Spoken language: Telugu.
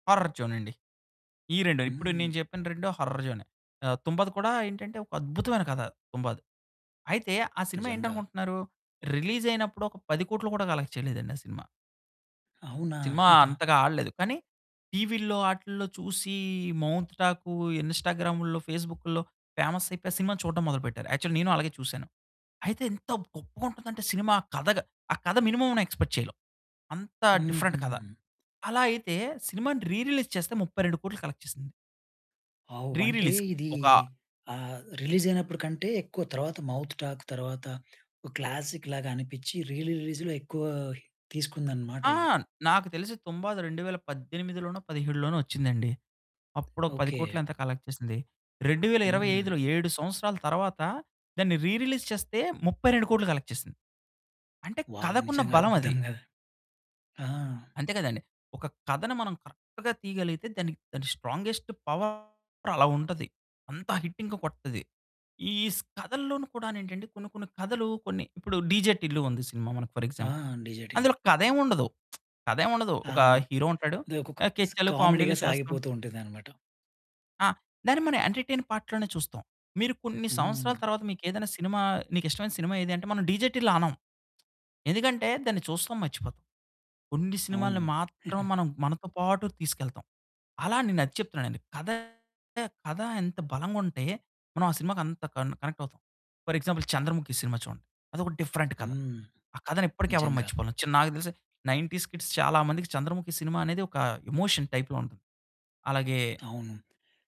హార్రర్ జోనండి. ఈ 2 ఇప్పుడు హ్మ్. నేను చెప్పిన 2 హర్రర్ జోనే. ఆహ్, 'తుంబాద్' కూడా ఏంటంటే, ఒక అద్భుతమైన కథ. 'తుంబాద్' అయితే, ఆ సినిమా నిజంగా. ఏంటనుకుంటున్నారు రిలీజ్ అయినప్పుడు, ఒక 10,00,00,000 కూడా కలెక్ట్ చేయలేదండి ఆ సినిమా. అవునా! సినిమా అంతగా ఆడలేదు. కానీ టీవీల్లో, ఆటిల్లో చూసీ, మౌత్ టాకు, ఇన్స్టాగ్రాముల్లో, ఫేస్బుకుల్లో పేమస్సయిపోయి, ఆ సినిమా చూడడం మొదలుపెట్టారు, యాక్చువల్లీ నేను అలాగే చూసాను. అయితే ఎంత గొప్పగుంటుందంటే సినిమా ఆ కథగ ఆ కథ మినిమమ్ అన్న ఎక్స్పెక్ట్ చేయలేవు. అంత హుహు. డిఫరెంట్ కథ. అలా అయితే సినిమాని రీ రిలీజ్ చేస్తే, 32,00,00,000 కలెక్ట్ చేసింది. వావ్! రీ వంటే రిలీజ్‌కి. ఇదీ, ఒక ఆహ్, రిలీజయినప్పుడికంటే, ఎక్కువ తరువాత మౌత్ టాక్ తర్వాత, ఓ క్లాసిక్ లాగా అనిపిచ్చి రీ రిలీజ్‌లో ఎక్కువ తీసుకుందనమాట ఆ! ఇది. నాకు తెలిసి 'తుంబాద్' 2018లోనో, 17లోనో వచ్చిందండి. అప్పుడొక 10 కోట్లో ఓకె. ఎంతో కలెక్ట్ చేసింది. రెండువేల ఇరవై హ్మ్. ఐదు‌లో, 7 సంవత్సరాల తరువాత, దాన్ని రీ రిలీజ్ చేస్తే 32,00,00,000 కలెక్ట్ చేసింది. అంటే వావ్! కథకున్న నిజంగా బలమది. అద్భుతం కదా! ఆ! అంతే కదండీ. ఒక కథని మనం కరెక్ట్‌గా తీయగలిగితే, దానికి దాని స్ట్రాంగెస్ట్ పవర్ అలా ఉంటది. అంత హిట్ ఇంకా కొడతది. ఈ స్ కథల్లోనూ కూడా ఏంటంటే కొన్ని కొన్ని కథలు కొన్ని, ఇప్పుడు 'డీజే టిల్లు' ఉంది సినిమా మనకు ఫర్ ఆ! Example, 'DJ Tillu'. అందులో కథేం ఉండదు, కథేం ఉండదు, ఆ! ఒక హీరో ఉంటాడు, అది ఒకొక ఆహ్, స్ కెచ్చలు, కామెడీగా కామెడీలు చేస్తా సాగిపోతూ ఉంటదనమాట. ఆ! దాన్ని మనం ఎంటర్టైన్ పార్ట్ లోనే చూస్తాం. మీరు కొన్ని సంవత్సరాల హ్మ్. తర్వాత, మీకేదైనా సినిమా నీకిష్టమైన సినిమా ఏది అంటే, మనం 'డీజే టిల్లు' అనం. ఎందుకంటే దాన్ని చూస్తాం, మర్చిపోతాం. కొన్ని అవును. సినిమాల్ని మాత్రం మనం, మనతో పాటు తీసుకెళ్తాం. అలా నేనది చెప్తున్నానండి. కథ కథ ఎంత బలంగుంటే, మనం ఆ సినిమాకి అంత కన్ కనెక్టవుతాం. ఫర్ ఎగ్జాంపుల్ 'చంద్రముఖి' సినిమా చూడండి, అదొక డిఫరెంట్ కథ. హ్మ్. ఆ కథని ఇప్పటికి ఎవరు నిజంగా. మర్చిపోలేము, చి నాకు తెలిసి 90స్ కిడ్స్ చాలా మందికి, 'చంద్రముఖి' సినిమా అనేది ఒక ఎమోషన్ టైప్‌లో ఉంటది. అలాగే అవును.